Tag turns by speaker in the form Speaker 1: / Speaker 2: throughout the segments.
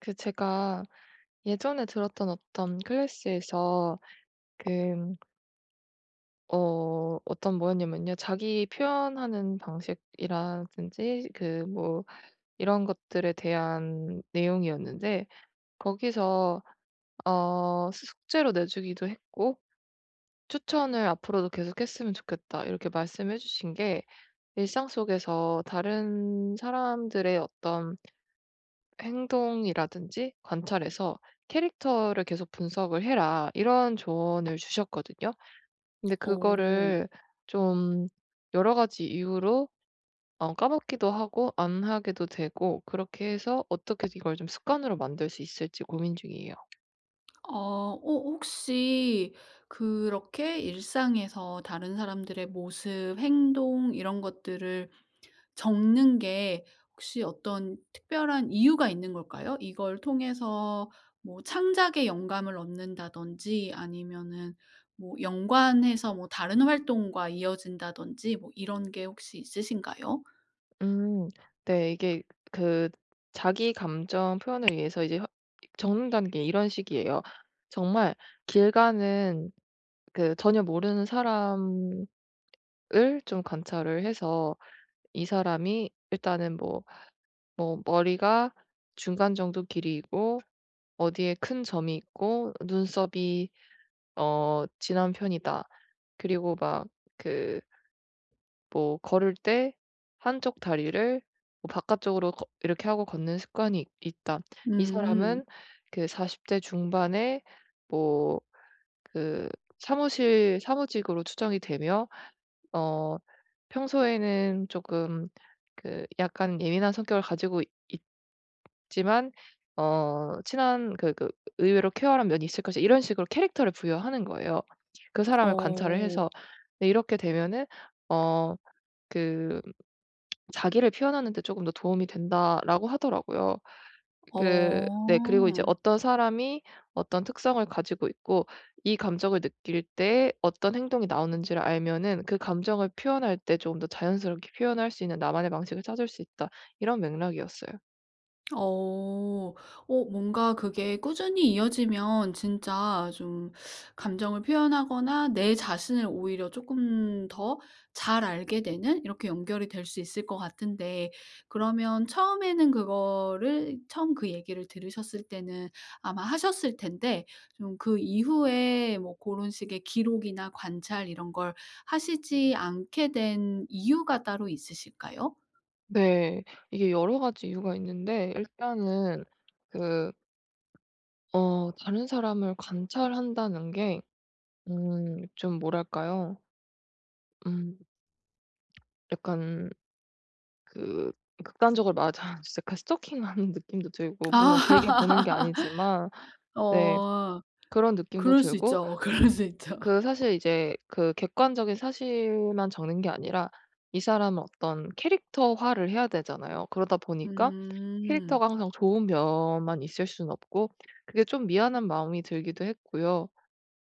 Speaker 1: 그 제가 예전에 들었던 어떤 클래스에서 그 어 어떤 뭐였냐면요. 자기 표현하는 방식이라든지 그 뭐 이런 것들에 대한 내용이었는데 거기서 어 숙제로 내 주기도 했고 추천을 "앞으로도 계속 했으면 좋겠다." 이렇게 말씀해 주신 게 "일상 속에서 다른 사람들의 어떤 행동이라든지 관찰해서 캐릭터를 계속 분석을 해라." 이런 조언을 주셨거든요. 근데
Speaker 2: 어.
Speaker 1: 그거를 좀 여러 가지 이유로 어 까먹기도 하고 안 하게도 되고 그렇게 해서 어떻게 이걸 좀 습관으로 만들 수 있을지 고민 중이에요.
Speaker 2: 어. 어 혹시 그렇게 일상에서 다른 사람들의 모습, 행동 이런 것들을 적는 게 혹시 어떤 특별한 이유가 있는 걸까요? 이걸 통해서 뭐 창작의 영감을 얻는다든지 아니면은 뭐 연관해서 뭐 다른 활동과 이어진다든지 뭐 이런 게 혹시 있으신가요?
Speaker 1: 음. 네 이게 그 자기 감정 표현을 위해서 이제 허 이 적는다는 게 이런 식이에요. 정말 길 가는 그 전혀 모르는 사람을 좀 관찰을 해서 이 사람이 일단은 뭐, 뭐 머리가 중간 정도 길이이고 어디에 큰 점이 있고 눈썹이 어 진한 편이다. 그리고 막 그 뭐 걸을 때 한쪽 다리를 뭐 바깥쪽으로 걷 이렇게 하고 걷는 습관이 있 있다. 이
Speaker 2: 음.
Speaker 1: 사람은 그 40 대 중반에 뭐 그 사무실 사무직으로 추정이 되며 어 평소에는 쪼금 그 약간 예민한 성격을 가지고 있지만 어 친한 그니까 의외로 쾌활한 면이 있을 것이다. 이런 식으로 캐릭터를 부여하는 거예요. 그 사람을 관찰을
Speaker 2: 어.
Speaker 1: 해서 네 이렇게 되면은 어 그 "자기를 표현하는데 쪼금 더 도움이 된다."라고 하더라고요. 그 네 그리고 이제
Speaker 2: 어.
Speaker 1: "어떤 사람이 어떤 특성을 가지고 있고 이 감정을 느낄 때 어떤 행동이 나오는지를 알면은 그 감정을 표현할 때 쪼금 더 자연스럽게 표현할 수 있는 나만의 방식을 찾을 수 있다." 이런 맥락이었어요.
Speaker 2: 어. 어 뭔가 그게 꾸준히 이어지면 진짜 좀 감정을 표현하거나 내 자신을 오히려 쪼끔 더 잘 알게 되는 이렇게 연결이 될 수 있을 것 같은데 그러면 처음에는 그거를 처음 그 얘기를 들으셨을 때는 아마 하셨을 텐데 좀 그 이후에 뭐 고런 식의 기록이나 관찰 이런 걸 하시지 않게 된 이유가 따로 있으실까요?
Speaker 1: 네. 이게 여러 가지 이유가 있는데 일단은 그 어 다른 사람을 관찰한다는 게 음 좀 뭐랄까요? 음. 약간 그 극단적으로 말하자면 진짜 그 스토킹하는 느낌도
Speaker 2: 아.
Speaker 1: 들고 물론 길게 보는 게 아니지만 네
Speaker 2: 어
Speaker 1: 그런 느낌도
Speaker 2: 그럴 수
Speaker 1: 들고
Speaker 2: 있죠, 그럴 수 있죠.
Speaker 1: 그 사실 이제 그 객관적인 사실만 적는 게 아니라 이 사람을 어떤 캐릭터화를 해야 되잖아요. 그러다 보니까
Speaker 2: 음.
Speaker 1: 캐릭터가 항상 좋은 면만 있을 수는 없고 그게 좀 미안한 마음이 들기도 했고요.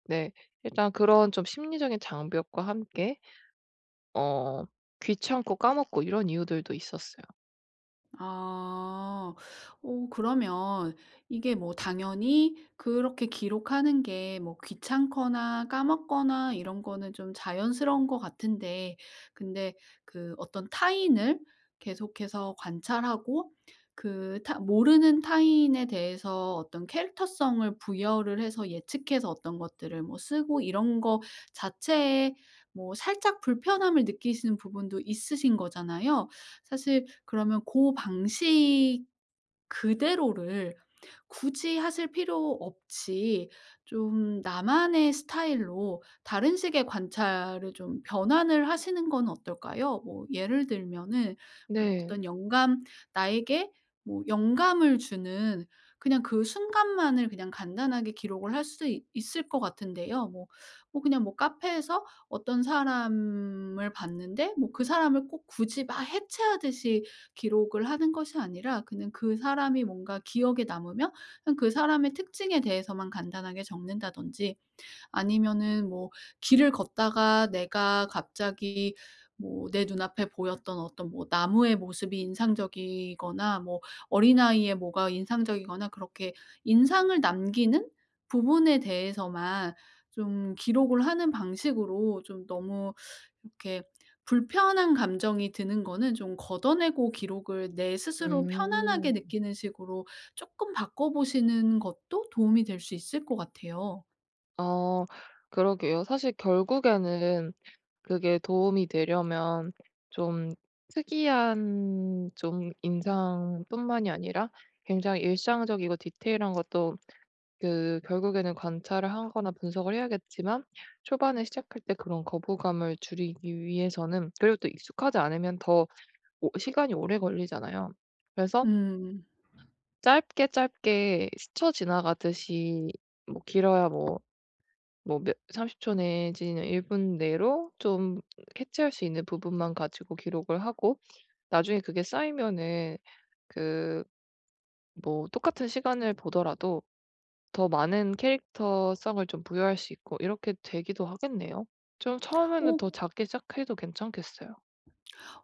Speaker 1: 네. 일단 그런 좀 심리적인 장벽과 함께 어 귀찮고 까먹고 이런 이유들도 있었어요.
Speaker 2: 아. 어 그러면 이게 뭐 당연히 그렇게 기록하는 게 뭐 귀찮거나 까먹거나 이런 거는 좀 자연스러운 것 같은데. 근데 그 어떤 타인을 계속해서 관찰하고 그 타 모르는 타인에 대해서 어떤 캐릭터성을 부여를 해서 예측해서 어떤 것들을 뭐 쓰고 이런 거 자체에 뭐 살짝 불편함을 느끼시는 부분도 있으신 거잖아요. 사실 그러면 고 방식 그대로를 굳이 하실 필요 없이 좀 나만의 스타일로 다른 식의 관찰을 좀 변환을 하시는 건 어떨까요? 뭐 예를 들면은 뭐
Speaker 1: 네.
Speaker 2: 어떤 영감 나에게 뭐 영감을 주는 그냥 그 순간만을 그냥 간단하게 기록을 할 수 있을 것 같은데요. 뭐 뭐 그냥 뭐 카페에서 어떤 사람을 봤는데 뭐 그 사람을 꼭 굳이 막 해체하듯이 기록을 하는 것이 아니라 그냥 그 사람이 뭔가 기억에 남으면 그냥 그 사람의 특징에 대해서만 간단하게 적는다든지. 아니면은 뭐 길을 걷다가 내가 갑자기 뭐 내 눈앞에 보였던 어떤 뭐 나무의 모습이 인상적이거나 뭐 어린아이의 뭐가 인상적이거나 그렇게 인상을 남기는 부분에 대해서만 좀 기록을 하는 방식으로 좀 너무 이렇게 불편한 감정이 드는 거는 좀 걷어내고 기록을 내 스스로 편안하게
Speaker 1: 음.
Speaker 2: 느끼는 식으로 쪼끔 바꿔보시는 것도 도움이 될 수 있을 것 같아요.
Speaker 1: 어 그러게요. 사실 결국에는 그게 도움이 되려면 좀 특이한 좀 인상뿐만이 아니라 굉장히 일상적이고 디테일한 것도 그 결국에는 관찰을 하거나 분석을 해야겠지만 초반에 시작할 때 그런 거부감을 줄이기 위해서는 그리고 또 익숙하지 않으면 더 오 시간이 오래 걸리잖아요. 그래서
Speaker 2: 음.
Speaker 1: 짧게 짧게 스쳐 지나가듯이 뭐 길어야 뭐 뭐 몇 30 초 내지는 1 분 내로 좀 캐치할 수 있는 부분만 가지고 기록을 하고. 나중에 그게 쌓이면은 그 뭐 똑같은 시간을 보더라도 더 많은 캐릭터성을 좀 부여할 수 있고 이렇게 되기도 하겠네요. 좀 처음에는
Speaker 2: 오
Speaker 1: 더 작게 시작해도 괜찮겠어요.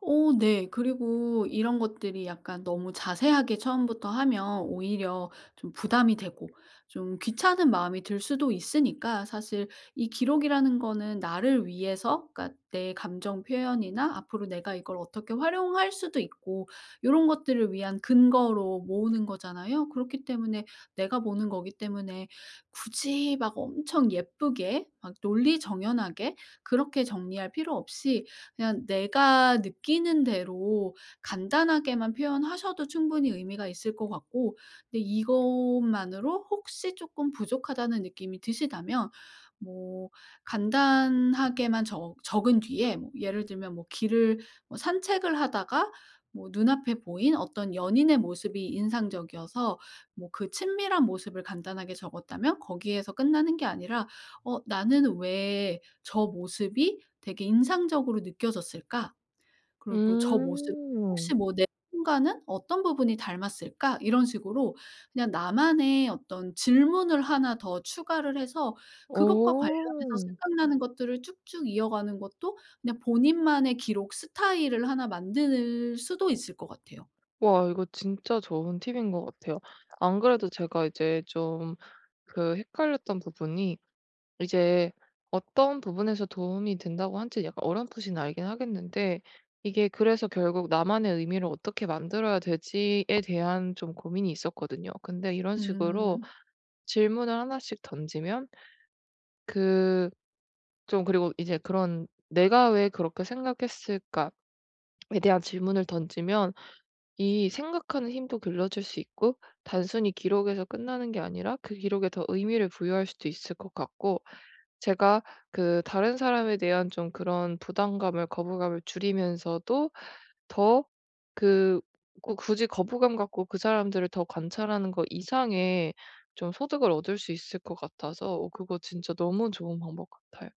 Speaker 2: 오 네. 그리고 이런 것들이 약간 너무 자세하게 처음부터 하면 오히려 좀 부담이 되고 좀 귀찮은 마음이 들 수도 있으니까 사실 이 기록이라는 거는 나를 위해서 그러니까 내 감정 표현이나 앞으로 내가 이걸 어떻게 활용할 수도 있고 요런 것들을 위한 근거로 모으는 거잖아요. 그렇기 때문에 내가 보는 거기 때문에 굳이 막 엄청 예쁘게 막 논리정연하게 그렇게 정리할 필요 없이 그냥 내가 느끼는 대로 간단하게만 표현하셔도 충분히 의미가 있을 것 같고. 근데 이것만으로 혹시 쪼끔 부족하다는 느낌이 드신다면 뭐 간단하게만 적 적은 뒤에 뭐 예를 들면 뭐 길을 뭐 산책을 하다가 뭐 눈앞에 보인 어떤 연인의 모습이 인상적이어서 뭐 그 친밀한 모습을 간단하게 적었다면 거기에서 끝나는 게 아니라 '어 나는 왜 저 모습이 되게 인상적으로 느껴졌을까? 그러고 저 모습
Speaker 1: 음.
Speaker 2: 혹시 뭐 내 순간은 어떤 부분이 닮았을까?' 이런 식으로 그냥 나만의 어떤 질문을 1 더 추가를 해서 그것과 관련해서
Speaker 1: 어.
Speaker 2: 생각나는 것들을 쭉쭉 이어가는 것도 그냥 본인만의 기록 스타일을 1 만들 수도 있을 것 같아요.
Speaker 1: 와 이거 진짜 좋은 팁인 것 같아요. 안 그래도 제가 이제 좀 그 헷갈렸던 부분이 이제 어떤 부분에서 도움이 된다고 한 지 약간 어렴풋이 알긴 하겠는데 이게 그래서 결국 나만의 의미를 어떻게 만들어야 될 지에 대한 좀 고민이 있었거든요. 근데 이런 식으로
Speaker 2: 음.
Speaker 1: 질문을 1 씩 던지면 그 좀 그리고 이제 그런 '내가 왜 그렇게 생각했을까?'에 대한 질문을 던지면 이 생각하는 힘도 길러줄 수 있고 단순히 기록에서 끝나는 게 아니라 그 기록에 더 의미를 부여할 수도 있을 것 같고. 제가 그 다른 사람에 대한 좀 그런 부담감을 거부감을 줄이면서도 더 그 꼭 굳이 거부감 갖고 그 사람들을 더 관찰하는 거 이상의 좀 소득을 얻을 수 있을 것 같아서 오 그거 진짜 너무 좋은 방법 같아요.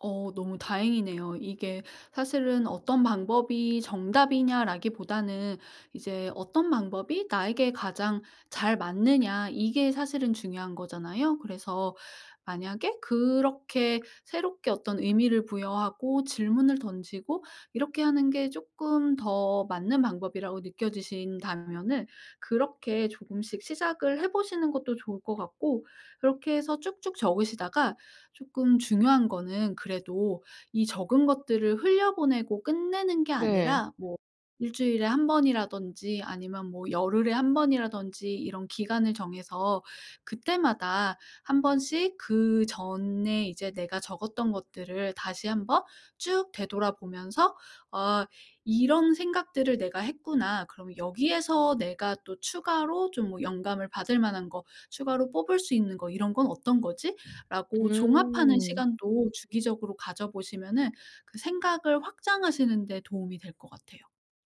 Speaker 2: 어 너무 다행이네요. 이게 사실은 '어떤 방법이 정답이냐.'라기보다는 이제 '어떤 방법이 나에게 가장 잘 맞느냐.' 이게 사실은 중요한 거잖아요. 그래서 만약에 그렇게 새롭게 어떤 의미를 부여하고 질문을 던지고 이렇게 하는 게 쪼끔 더 맞는 방법이라고 느껴지신다면은 그렇게 조금씩 시작을 해 보시는 것도 좋을 것 같고 그렇게 해서 쭉쭉 적으시다가 쪼끔 중요한 거는 그래도 이 적은 것들을 흘려보내고 끝내는 게
Speaker 1: 네.
Speaker 2: 아니라 뭐 1 주일에 1 번이라든지 아니면 뭐 열흘에 1 번이라든지 이런 기간을 정해서 그때마다 1 번씩 그전에 이제 내가 적었던 것들을 다시 한번 쭉 되돌아보면서 '아 이런 생각들을 내가 했구나. 그럼 여기에서 내가 또 추가로 좀 뭐 영감을 받을 만한 거 추가로 뽑을 수 있는 거 이런 건 어떤 거지?'라고 종합하는
Speaker 1: 음.
Speaker 2: 시간도 주기적으로 가져 보시면은 그 생각을 확장하시는 데 도움이 될 것 같아요.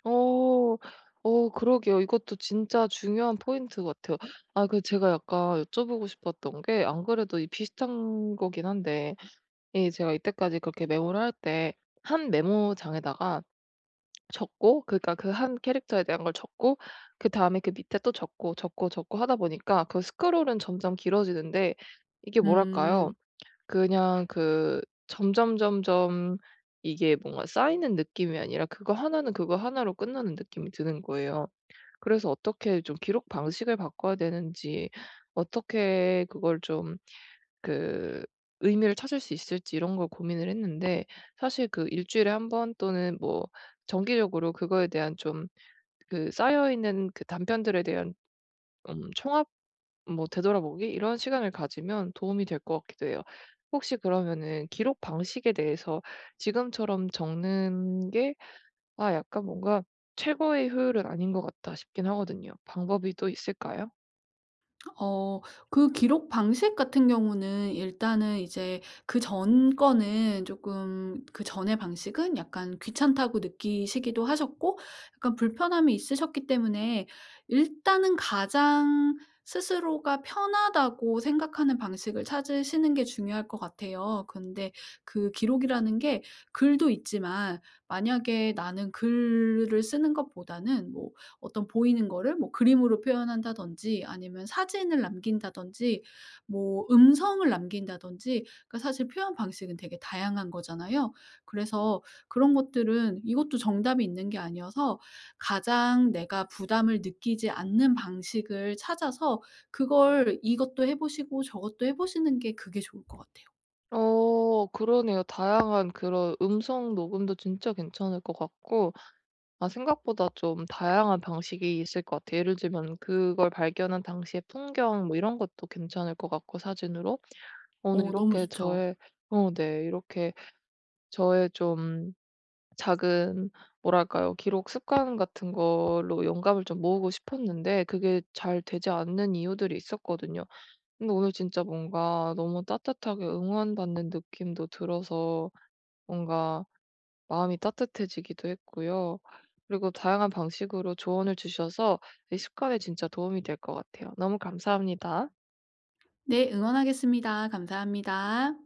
Speaker 1: 어. 어 그러게요. 이것도 진짜 중요한 포인트 같아요. 아 그 제가 약간 여쭤 보고 싶었던 게 안 그래도 이 비슷한 거긴 한데 이 제가 이때까지 그렇게 메모를 할 때 1 메모장에다가 적고 그니까 그 1 캐릭터에 대한 걸 적고 그다음에 그 밑에 또 적고, 적고, 적고 하다 보니까 그 스크롤은 점점 길어지는데 이게 뭐랄까요?
Speaker 2: 음.
Speaker 1: 그냥 그 점점 점점 이게 뭔가 쌓이는 느낌이 아니라 그거 1 는 그거 1 로 끝나는 느낌이 드는 거예요. 그래서 어떻게 좀 기록 방식을 바꿔야 되는지 어떻게 그걸 좀 그 의미를 찾을 수 있을지 이런 걸 고민을 했는데 사실 그 1 주일에 1 번 또는 뭐 정기적으로 그거에 대한 좀 그 쌓여 있는 그 단편들에 대한 음 총합? 뭐 되돌아보기? 이런 시간을 가지면 도움이 될 것 같기도 해요. 혹시 그러면은 기록 방식에 대해서 지금처럼 적는 게 아 약간 뭔가 '최고의 효율은 아닌 것 같다.' 싶긴 하거든요. 방법이 또 있을까요?
Speaker 2: 어 그 기록 방식 같은 경우는 일단은 이제 그전 거는 쪼끔 그전의 방식은 약간 귀찮다고 느끼시기도 하셨고 약간 불편함이 있으셨기 때문에 일단은 가장 스스로가 편하다고 생각하는 방식을 찾으시는 게 중요할 것 같아요. 근데 그 기록이라는 게 글도 있지만 만약에 나는 글을 쓰는 것보다는 뭐 어떤 보이는 거를 뭐 그림으로 표현한다든지 아니면 사진을 남긴다든지 뭐 음성을 남긴다든지 그 사실 표현 방식은 되게 다양한 거잖아요. 그래서 그런 것들은 이것도 정답이 있는 게 아니어서 가장 내가 부담을 느끼지 않는 방식을 찾아서 그걸 이것도 해 보시고 저것도 해 보시는 게 그게 좋을 것 같아요.
Speaker 1: 어 그러네요. 다양한 그런 음성 녹음도 진짜 괜찮을 것 같고 아 생각보다 좀 다양한 방식이 있을 것 같아요. 예를 들면 그걸 발견한 당시의 풍경 뭐 이런것도 괜찮을 것 같고 사진으로. 오늘
Speaker 2: 어 너무
Speaker 1: 이렇게
Speaker 2: 좋죠.
Speaker 1: 저의 어 네 이렇게 저의 좀 작은 뭐랄까요? 기록 습관 같은 걸로 영감을 좀 모으고 싶었는데 그게 잘 되지 않는 이유들이 있었거든요. 근데 오늘 진짜 뭔가 너무 따뜻하게 응원 받는 느낌도 들어서 뭔가 마음이 따뜻해지기도 했고요. 그리고 다양한 방식으로 조언을 주셔서 이 습관에 진짜 도움이 될 것 같아요. 너무 감사합니다.
Speaker 2: 네 응원하겠습니다. 감사합니다.